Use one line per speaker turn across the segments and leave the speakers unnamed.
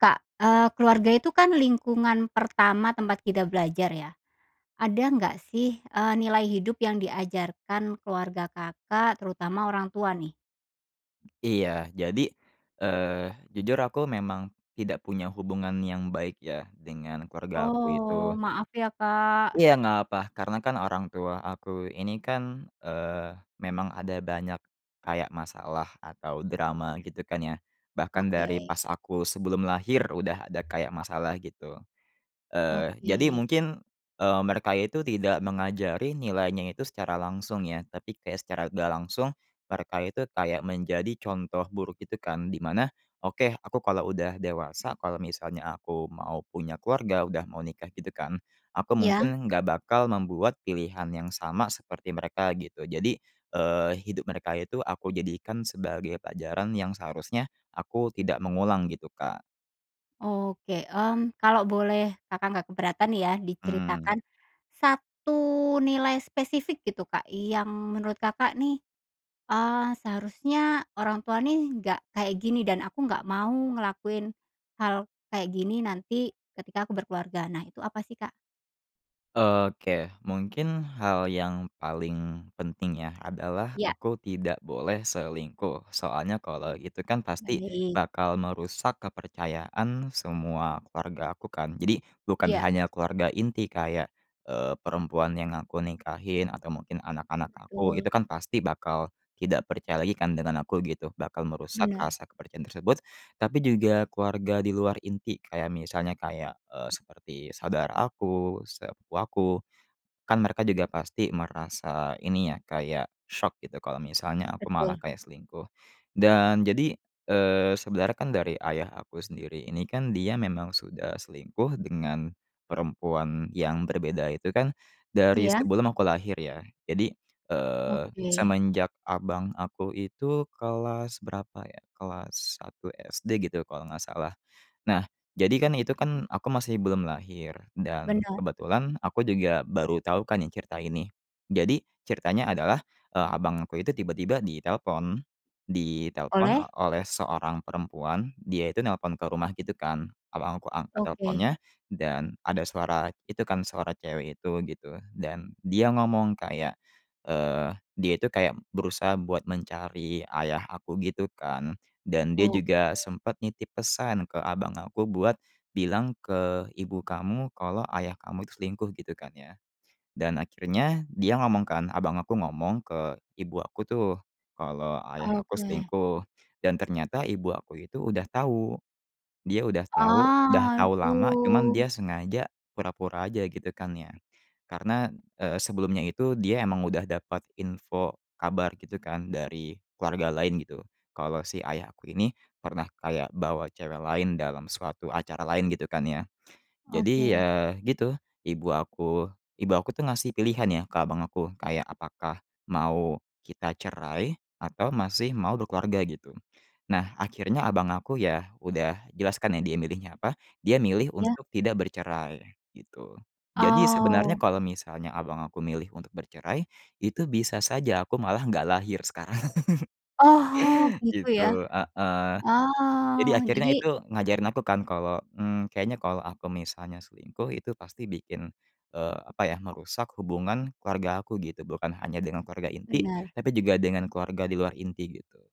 Kak, eee, keluarga itu, kan, lingkungan pertama tempat kita belajar, ya. Ada nggak, sih, eee, nilai hidup yang diajarkan keluarga Kakak, terutama orang tua, nih?
Iya. Jadi, eee, jujur aku memang tidak punya hubungan yang baik, ya, dengan keluarga aku
Oh,
itu.
maaf, ya, Kak.
Iya, nggak apa, karena, kan, orang tua aku ini, kan, eee, memang ada banyak kayak masalah atau drama, gitu, kan, ya, bahkan dari
Oke.
pas aku sebelum lahir udah ada kayak masalah, gitu. Eee, jadi
Oke.
mungkin, eee, mereka itu tidak mengajari nilainya itu secara langsung, ya, tapi kayak secara nggak langsung, mereka itu kayak menjadi contoh buruk, gitu, kan, di mana, oke, aku kalau udah dewasa, kalau misalnya aku mau punya keluarga udah mau nikah, gitu, kan, aku
Ya.
mungkin nggak bakal membuat pilihan yang sama seperti mereka, gitu. Jadi, eee, hidup mereka itu aku jadikan sebagai pelajaran yang seharusnya aku tidak mengulang, gitu, Kak.
Oke. Mmm, kalau boleh Kakak nggak keberatan, ya,
Mmm.
diceritakan 1 nilai spesifik, gitu, Kak, yang menurut Kakak, nih, eee, seharusnya orang tua, nih, nggak kayak gini, dan aku nggak mau ngelakuin hal kayak gini nanti ketika aku berkeluarga. Nah, itu apa sih, Kak?
Oke, mungkin hal yang paling penting, ya, adalah
Ya.
aku tidak boleh selingkuh. Soalnya kalau itu, kan, pasti
Baik.
bakal merusak kepercayaan semua keluarga aku, kan. Jadi bukan
Iya.
hanya keluarga inti kayak, eee, perempuan yang aku nikahin atau mungkin anak-anak aku.
Betul.
Itu, kan, pasti bakal tidak percaya lagi, kan, dengan aku, gitu, bakal merusak
Benar.
rasa kepercayaan tersebut. Tapi juga keluarga di luar inti kayak misalnya kayak, eee, seperti saudara aku, sepupu aku, kan, mereka juga pasti merasa ini, ya, kayak syok, gitu, kalau misalnya aku malah
Betul.
kayak selingkuh. Dan jadi, eee, sebenarnya, kan, dari ayah aku sendiri ini, kan, dia memang sudah selingkuh dengan perempuan yang berbeda, itu, kan, dari
Iya.
sebelum aku lahir, ya. Jadi, eee,
Oke.
semenjak abang aku itu kelas berapa, ya, kelas 1 SD, gitu, kalau nggak salah. Nah, jadi, kan, itu, kan, aku masih belum lahir, dan
Benar.
kebetulan aku juga baru tau, kan, ya, cerita ini. Jadi ceritanya adalah, eee, abangku itu tiba-tiba ditelepon, ditelepon
Oleh?
oleh seorang perempuan, dia itu nelpon ke rumah, gitu, kan. Abang aku angkat
Oke.
teleponnya dan ada suara itu, kan, suara cewek itu, gitu, dan dia ngomong kayak, eee, dia itu kayak berusaha buat mencari ayah aku, gitu, kan, dan dia
Oh.
juga sempat nitip pesan ke abang aku buat, "Bilang ke ibu kamu kalau ayah kamu itu selingkuh." Gitu, kan, ya. Dan akhirnya dia ngomong, kan, abang aku ngomong ke ibu aku, tuh, kalau ayah aku
Oke.
selingkuh, dan ternyata ibu aku itu udah tau. Dia udah tau udah tau lama, cuman
Aduh.
dia sengaja pura-pura aja, gitu, kan, ya. Karena, eee, sebelumnya itu dia emang udah dapat info, kabar, gitu, kan, dari keluarga lain, gitu, kalau si ayah aku ini pernah kayak bawa cewek lain dalam suatu acara lain, gitu, kan, ya. Jadi,
Oke.
ya, gitu, ibu aku ibu aku, tuh, ngasih pilihan, ya, ke abang aku kayak apakah mau kita cerai atau masih mau berkeluarga, gitu. Nah, akhirnya abang aku, ya, udah jelas, kan, ya, dia milihnya apa. Dia milih
Ya.
untuk tidak bercerai, gitu. Jadi sebenarnya
Oh.
kalau misalnya abang aku milih untuk bercerai, itu bisa saja aku malah nggak lahir sekarang.
Oh, gitu ya.
Gitu, heeh. Jadi
Ah,
akhirnya
jadi
itu ngajarin aku, kan, kalau, mmm, kayaknya kalau aku misalnya selingkuh, itu pasti bikin, eee, apa, ya, merusak hubungan keluarga aku, gitu, bukan hanya dengan keluarga inti,
Benar.
tapi juga dengan keluarga di luar inti, gitu.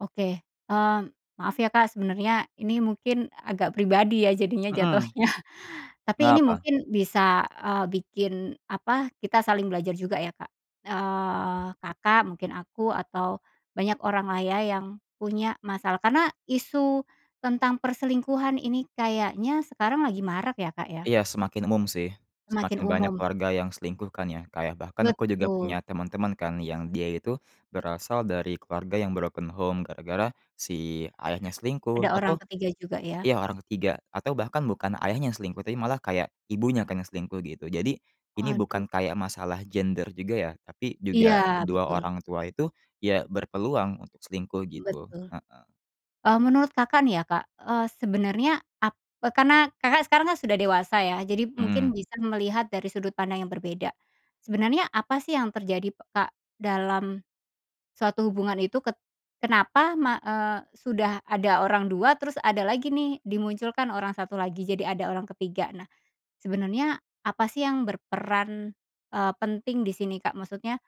Oke, mmm, maaf, ya, Kak, sebenarnya ini mungkin agak pribadi, ya, jadinya
Mmm mmm.
jatuhnya, tapi
Nggak
ini
apa.
mungkin bisa, eee, bikin apa, kita saling belajar juga, ya, Kak. Eee, Kakak, mungkin aku, atau banyak orang, lah, ya, yang punya masalah karena isu tentang perselingkuhan ini kayaknya sekarang lagi marak, ya, Kak, ya.
Iya, semakin umum, sih.
Semakin
Semakin banyak
umum.
keluarga yang selingkuh, kan, ya. Kayak bahkan aku juga
Betul.
punya teman-teman, kan, yang dia itu berasal dari keluarga yang broken home gara-gara si ayahnya selingkuh,
Ada orang
atau,
ke-3 juga, ya.
ya, orang ke-3 atau bahkan bukan ayahnya yang selingkuh tapi malah kayak ibunya, kan, yang selingkuh, gitu. Jadi, ini bukan
Waduh.
kayak masalah gender juga, ya, tapi
Iya,
juga kedua
betul.
orang tua itu, ya, berpeluang untuk selingkuh, gitu,
Betul.
heeh.
Mmm, menurut Kakak, nih, ya, Kak, eee, sebenarnya ap karena Kakak sekarang, kan, sudah dewasa, ya, jadi
Hmm.
mungkin bisa melihat dari sudut pandang yang berbeda. Sebenarnya apa, sih, yang terjadi, Kak, dalam suatu hubungan itu? Ket kenapa ma eee, sudah ada orang 2, terus ada lagi, nih, dimunculkan orang 1 lagi. Jadi ada orang ke-3. Nah, sebenernya apa, sih, yang berperan, eee, penting di sini, Kak? Maksudnya,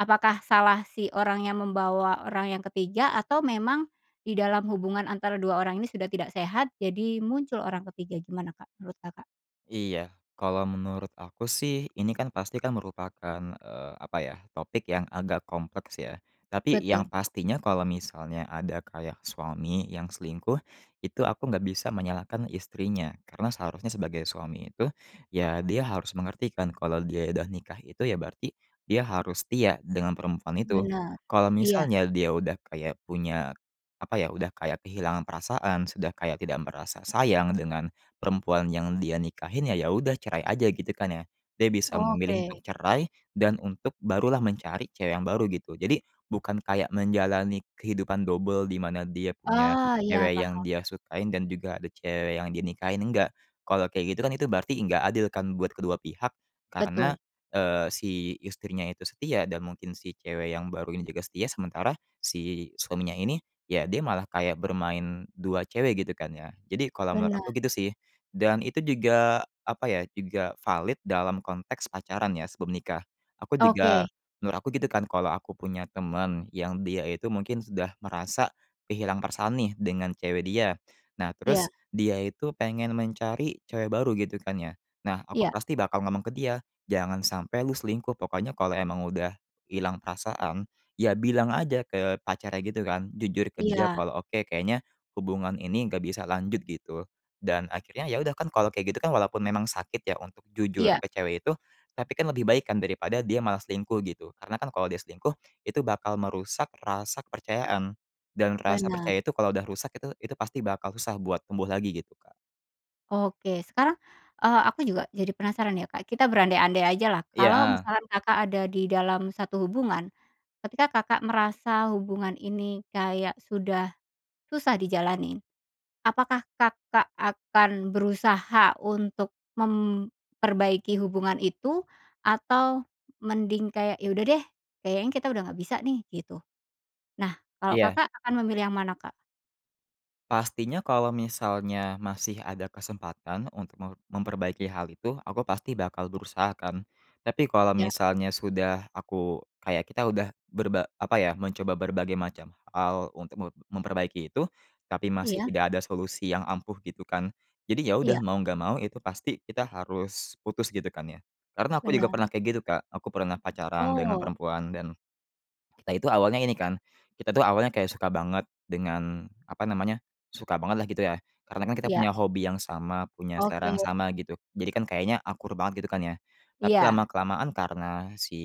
apakah salah si orang yang membawa orang yang ke 3 atau memang di dalam hubungan antara 2 orang ini sudah tidak sehat, jadi muncul orang ke-3? Gimana, Kak, menurut Kakak?
Iya, kalau menurut aku, sih, ini kan pasti, kan merupakan, eee, apa ya, topik yang agak kompleks, ya, tapi yang
Betul.
pastinya kalau misalnya ada kayak suami yang selingkuh, itu aku nggak bisa menyalahkan istrinya karena seharusnya sebagai suami itu, ya, dia harus mengerti, kan, kalau dia udah nikah itu, ya, berarti dia harus setia dengan perempuan itu.
Benar,
Kalau
iya.
misalnya dia udah kayak punya apa, ya, udah kayak kehilangan perasaan, sudah kayak tidak merasa sayang dengan perempuan yang dia nikahin, ya, ya, udah cerai aja, gitu, kan, ya. Dia bisa memilih untuk
Oke.
cerai dan untuk barulah mencari cewek yang baru, gitu. Jadi bukan kayak menjalani kehidupan dobel, di mana dia punya
Ah, iya,
cewek yang
paham.
dia sukain dan juga ada cewek yang dinikahin, enggak. Kalau kayak gitu, kan, itu berarti nggak adil, kan, buat kedua pihak, karena,
Betul.
eee, si istrinya itu setia, dan mungkin si cewek yang baru ini juga setia, sementara si suaminya ini, ya, dia malah kayak bermain 2 cewek, gitu, kan, ya. Jadi kalau menurut
Benar.
aku gitu, sih. Dan itu juga apa, ya, juga valid dalam konteks pacaran, ya, sebelum nikah. Aku juga
Oke.
menurut aku, gitu, kan, kalau aku punya teman yang dia itu mungkin sudah merasa kehilangan perasaan, nih, dengan cewek dia. Nah,
Iya.
terus dia itu pengen mencari cewek baru, gitu, kan, ya. Nah, aku
Iya.
pasti bakal ngomong ke dia, "Jangan sampai lu selingkuh! Pokoknya kalau emang udah hilang perasaan, ya, bilang aja ke pacarnya, gitu, kan. Jujur ke dia
Iya.
kalau, oke, kayaknya hubungan ini nggak bisa lanjut." Gitu. Dan akhirnya, ya, udah, kan, kalau kayak, gitu, kan, walaupun memang sakit, ya, untuk jujur
Iya.
ke cewek itu, tapi, kan, lebih baik, kan, daripada dia malah selingkuh, gitu. Karena, kan, kalau dia selingkuh itu bakal merusak rasa kepercayaan, dan rasa
Benar.
percaya itu kalau udah rusak itu itu pasti bakal susah buat tumbuh lagi, gitu, Kak.
Oke, sekarang, eee, aku juga jadi penasaran, ya, Kak. Kita berandai-andai ajalah, kalau
Iya.
misalkan Kakak ada di dalam satu hubungan, ketika Kakak merasa hubungan ini kayak sudah susah dijalanin, apakah Kakak akan berusaha untuk memperbaiki hubungan itu? Atau mending kayak, "Ya, udah, deh, kayaknya kita udah nggak bisa, nih." Gitu? Nah, kalau
Iya.
Kakak akan memilih yang mana, Kak?
Pastinya kalau misalnya masih ada kesempatan untuk me memperbaiki hal itu, aku pasti bakal berusaha, kan. Tapi kalau
Ya.
misalnya sudah aku, kayak kita udah berba apa, ya, mencoba berbagai macam hal untuk me memperbaiki itu, tapi masih
Iya.
tidak ada solusi yang ampuh, gitu, kan. Jadi ya, udah,
Iya.
mau nggak mau itu pasti kita harus putus, gitu, kan, ya. Karena aku juga
Benar.
pernah kayak gitu, Kak. Aku pernah pacaran dengan
Oh.
perempuan dan kita itu awalnya ini, kan, kita itu awalnya kayak suka banget dengan apa namanya, suka banget, lah, gitu, ya. Karena, kan, kita
Iya.
punya hobi yang sama, punya selera
Oke.
yang sama, gitu. Jadi, kan, kayaknya akur banget, gitu, kan, ya. Tapi
Iya.
lama-kelamaan karena si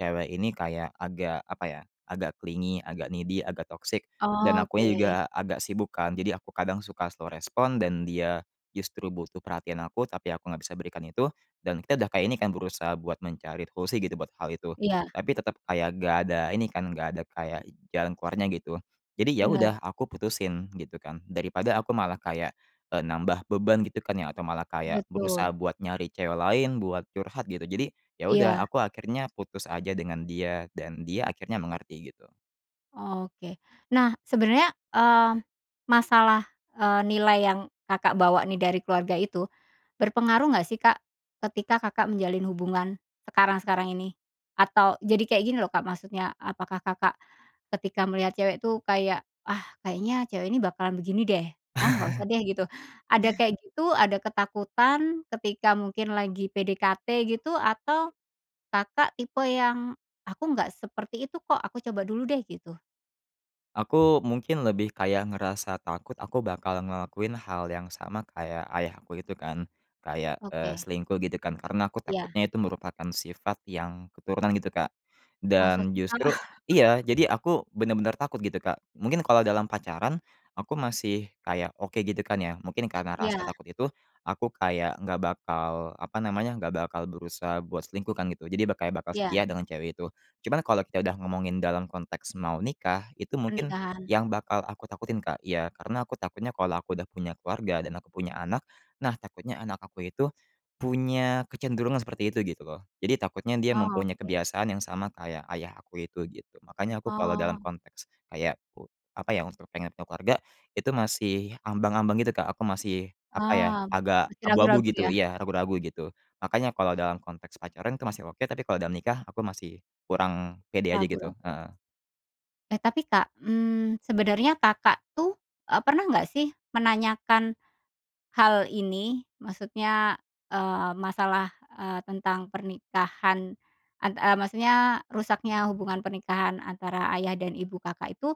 cewek ini kayak agak apa, ya, agak clingy, agak needy, agak toksik, dan
Oke.
akunya juga agak sibuk, kan, jadi aku kadang suka slow respon, dan dia justru butuh perhatian aku tapi aku nggak bisa berikan itu, dan kita udah kayak, ini, kan, berusaha buat mencari solusi, gitu, buat hal itu.
Iya.
Tapi tetap kayak nggak ada ini, kan, nggak ada kayak jalan keluarnya, gitu. Jadi, ya,
Benar.
udah, aku putusin, gitu, kan, daripada aku malah kayak, eee, nambah beban, gitu, kan, ya, atau malah kayak berusaha
Betul.
buat nyari cewek lain, buat curhat, gitu. Jadi, ya, udah,
Iya.
aku akhirnya putus aja dengan dia dan dia akhirnya mengerti, gitu.
Oke. Nah, sebenarnya, eee, masalah, eee, nilai yang Kakak bawa, nih, dari keluarga itu berpengaruh nggak, sih, Kak, ketika Kakak menjalin hubungan sekarang-sekarang ini? Atau, jadi kayak gini, loh, Kak, maksudnya, apakah Kakak ketika melihat cewek, tuh, kayak, "Ah, kayaknya cewek ini bakalan begini, deh. Ah, nggak usah, deh." Gitu. Ada kayak gitu, ada ketakutan ketika mungkin lagi PDKT, gitu, atau Kakak tipe yang, "Aku nggak seperti itu, kok, aku coba dulu, deh." Gitu?
Aku mungkin lebih kayak ngerasa takut, aku bakal ngelakuin hal yang sama kayak ayah aku itu, kan. Kayak, eee,
Oke.
selingkuh gitu, kan, karena aku
Ya.
takutnya itu merupakan sifat yang keturunan, gitu, Kak.
Masa,
Dan
sih, Kak?
justru iya, jadi aku benar-benar takut, gitu, Kak. Mungkin kalau dalam pacaran aku masih kayak oke, gitu, kan, ya. Mungkin karena rasa
Iya.
takut itu, aku kayak nggak bakal, apa namanya, nggak bakal berusaha buat selingkuh, kan, gitu. Jadi ba kayak bakal
Iya.
setia dengan cewek itu. Cuman kalau kita udah ngomongin dalam konteks mau nikah, itu mungkin
Pernikahan.
yang bakal aku takutin, Kak. Ya, karena aku takutnya kalau aku udah punya keluarga dan aku punya anak, nah, takutnya anak aku itu punya kecenderungan seperti itu, gitu, loh. Jadi takutnya dia mempunyai
Oke.
kebiasaan yang sama kayak ayah aku itu, gitu. Makanya aku kalau dalam
Oh.
konteks kayak ku apa, ya, untuk pengen punya keluarga, itu masih ambang-ambang, gitu, Kak. Aku masih, apa ya,
Oh,
agak
masih
abu-abu,
ragu-ragu,
gitu.
ya.
Iya, ragu-ragu, gitu. Makanya kalau dalam konteks pacaran, itu masih oke, tapi kalau dalam nikah, aku masih kurang pede aja, gitu,
Ragu-ragu.
heeh.
Eh, tapi, Kak, mmm, sebenarnya Kakak, tuh, eee, pernah nggak, sih, menanyakan hal ini? Maksudnya, eee, masalah, eee, tentang pernikahan an eee, maksudnya rusaknya hubungan pernikahan antara ayah dan ibu Kakak itu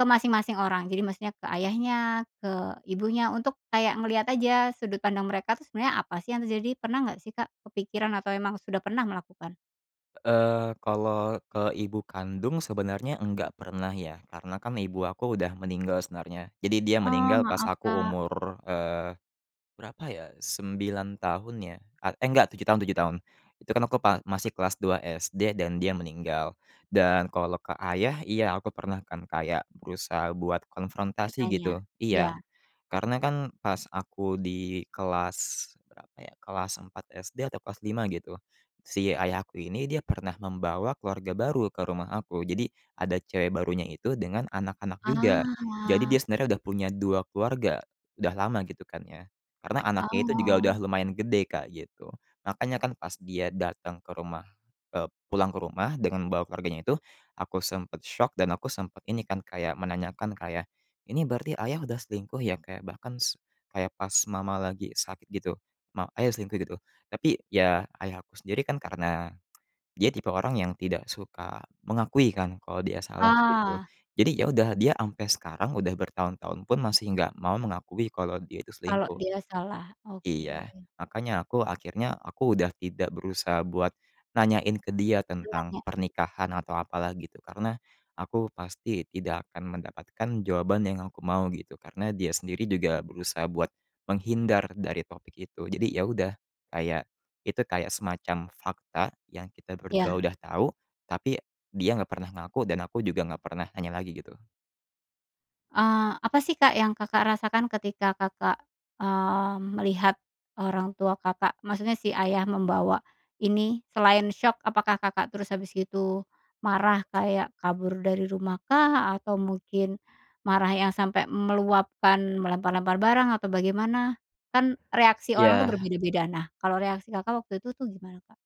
ke masing-masing orang? Jadi maksudnya ke ayahnya, ke ibunya, untuk kayak ngelihat aja sudut pandang mereka, tuh, sebenarnya apa, sih, yang terjadi? Pernah nggak, sih, Kak, kepikiran atau emang sudah pernah melakukan?
Eee, kalau ke ibu kandung sebenarnya enggak pernah, ya. Karena, kan, ibu aku udah meninggal sebenarnya, jadi dia
Oh,
meninggal pas
maaf,
aku
Kak.
umur, eee, berapa, ya, 9 tahun, ya, at eh, enggak, 7 tahun 7 tahun. Itu, kan, aku pa masih kelas 2 SD, dan dia meninggal. Dan kalau ke ayah, iya, aku pernah, kan, kayak berusaha buat konfrontasi,
Bertanya.
gitu. Iya.
Ya.
Karena, kan, pas aku di kelas berapa, ya, kelas 4 SD atau kelas 5, gitu, si ayah aku ini, dia pernah membawa keluarga baru ke rumah aku. Jadi ada cewek barunya itu dengan anak-anak juga. Jadi dia
Ah.
sebenernya udah punya 2 keluarga. Udah lama, gitu, kan, ya. Karena anaknya itu juga udah
Oh.
lumayan gede, Kak, gitu. Makanya, kan, pas dia datang ke rumah, eee, pulang ke rumah dengan membawa keluarganya itu, aku sempat syok dan aku sempat ini, kan, kayak menanyakan ke ayah, "Ini berarti ayah udah selingkuh, ya? Kayak bahkan s kayak pas mama lagi sakit, gitu? Ma ayah selingkuh, gitu?" Tapi, ya, ayah aku sendiri, kan, karena dia tipe orang yang tidak suka mengakui, kan, kalau dia salah, gitu.
Ah,
Jadi, ya,
betul.
udah, dia ampe sekarang udah bertahun-tahun pun masih nggak mau mengakui kalau dia itu
Kalau
selingkuh.
dia salah. Oke.
Iya, makanya aku akhirnya aku udah tidak berusaha buat nanyain ke dia tentang
[unintelligible]
pernikahan atau apa, lah, gitu, karena aku pasti tidak akan mendapatkan jawaban yang aku mau, gitu, karena dia sendiri juga berusaha buat menghindar dari topik itu. Jadi, ya, udah, kayak, itu kayak semacam fakta yang kita berdua
Iya.
udah tau tapi dia nggak pernah ngaku dan aku juga nggak pernah nanya lagi, gitu.
Eee, apa, sih, Kak yang Kakak rasakan ketika Kakak, eee, melihat orang tua Kakak, maksudnya si ayah membawa ini? Selain syok, apakah Kakak terus habis gitu marah kayak kabur dari rumah kah, atau mungkin marah yang sampai meluapkan, melempar-lempar barang, atau bagaimana? Kan, reaksi orang, tuh,
Iya.
berbeda-beda. Nah, kalau reaksi Kakak waktu itu, tuh, gimana, Kak?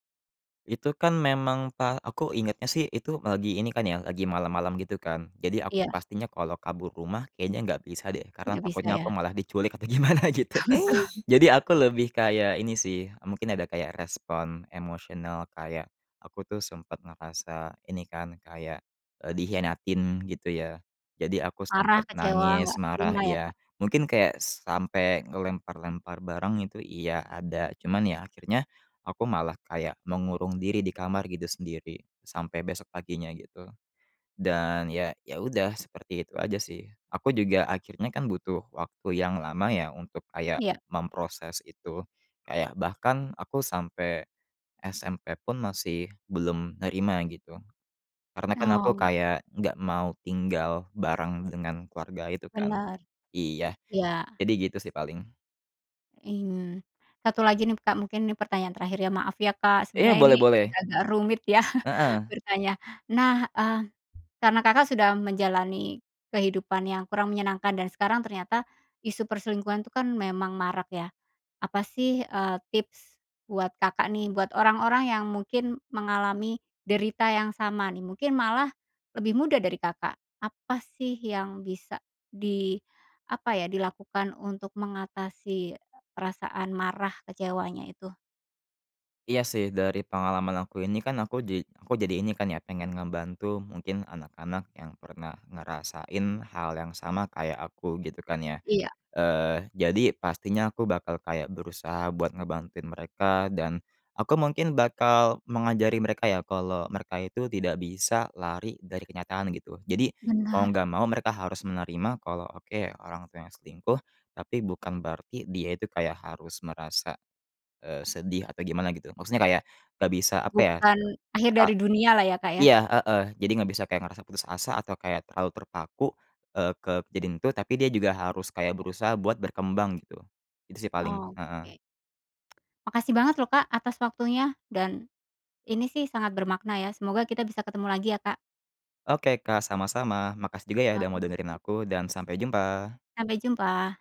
Itu, kan, memang pa aku ingatnya, sih, itu lagi ini, kan, ya, lagi malam-malam, gitu, kan. Jadi aku
Iya.
pastinya kalau kabur rumah kayaknya nggak bisa, deh, karena
Nggak bisa,
takutnya aku
ya?
malah diculik apa gimana, gitu.
Apa,
Jadi
tuh?
aku lebih kayak ini, sih, mungkin ada kayak respon emosional, kayak aku, tuh, sempat ngerasa ini, kan, kayak, eee, dikhianatin, gitu, ya. Jadi aku
Marah,
sempat
kecewa,
nangis,
nggak
marah,
terima, ya,
iya,
Kak.
mungkin kayak sampai ngelempar-lempar barang itu, iya, ada, cuman, ya, akhirnya aku malah kayak mengurung diri di kamar, gitu, sendiri sampai besok paginya, gitu. Dan, ya ya, udah, seperti itu aja, sih. Aku juga akhirnya, kan, butuh waktu yang lama, ya, untuk kayak
Iya.
memproses itu. Kayak bahkan aku sampai SMP pun masih belum nerima, gitu. Karena, kan, aku
Oh.
kayak nggak mau tinggal bareng dengan keluarga itu, kan.
Benar.
Iya,
Iya.
jadi gitu, sih, paling.
I mmm. 1 lagi, nih, Kak, mungkin ini pertanyaan terakhir, ya. Maaf, ya, Kak,
Iya,
sebenarnya
boleh
ini
boleh.
agak-agak rumit, ya,
Heeh.
bertanya. Nah, eee, karena Kakak sudah menjalani kehidupan yang kurang menyenangkan dan sekarang ternyata isu perselingkuhan, tuh, kan, memang marak, ya. Apa, sih, eee, tips buat Kakak, nih, buat orang-orang yang mungkin mengalami derita yang sama, nih, mungkin malah lebih muda dari Kakak, apa, sih, yang bisa di apa, ya, dilakukan untuk mengatasi perasaan marah kecewanya itu?
Iya, sih, dari pengalaman aku ini, kan, aku ja aku jadi ini, kan, ya, pengen ngebantu, mungkin anak-anak yang pernah ngerasain hal yang sama kayak aku, gitu, kan, ya.
Iya.
Eee, jadi pastinya aku bakal kayak berusaha buat ngebantuin mereka dan aku mungkin bakal mengajari mereka, ya, kalau mereka itu tidak bisa lari dari kenyataan, gitu. Jadi, mau
Benar.
nggak mau mereka harus menerima kalau, oke orang tuanya selingkuh, tapi bukan berarti dia itu kayak harus merasa, eee, sedih atau gimana, gitu. Maksudnya kayak eggak bisa apa, ya,
Bukan akhir
ka
dari dunia, lah, ya, Kak, ya.
iya, heeh, jadi nggak bisa kayak ngerasa putus asa atau kayak terlalu terpaku, eee, ke kejadian itu, tapi dia juga harus kayak berusaha buat berkembang, gitu. Itu, sih, paling, heeh.
Oke. Makasih banget, loh, Kak, atas waktunya. Dan ini, sih, sangat bermakna, ya, semoga kita bisa ketemu lagi, ya, Kak.
Oke, Kak, sama-sama. Makasih juga, ya, udah mau dengerin
[unintelligible]
aku, dan sampai jumpa.
Sampai jumpa.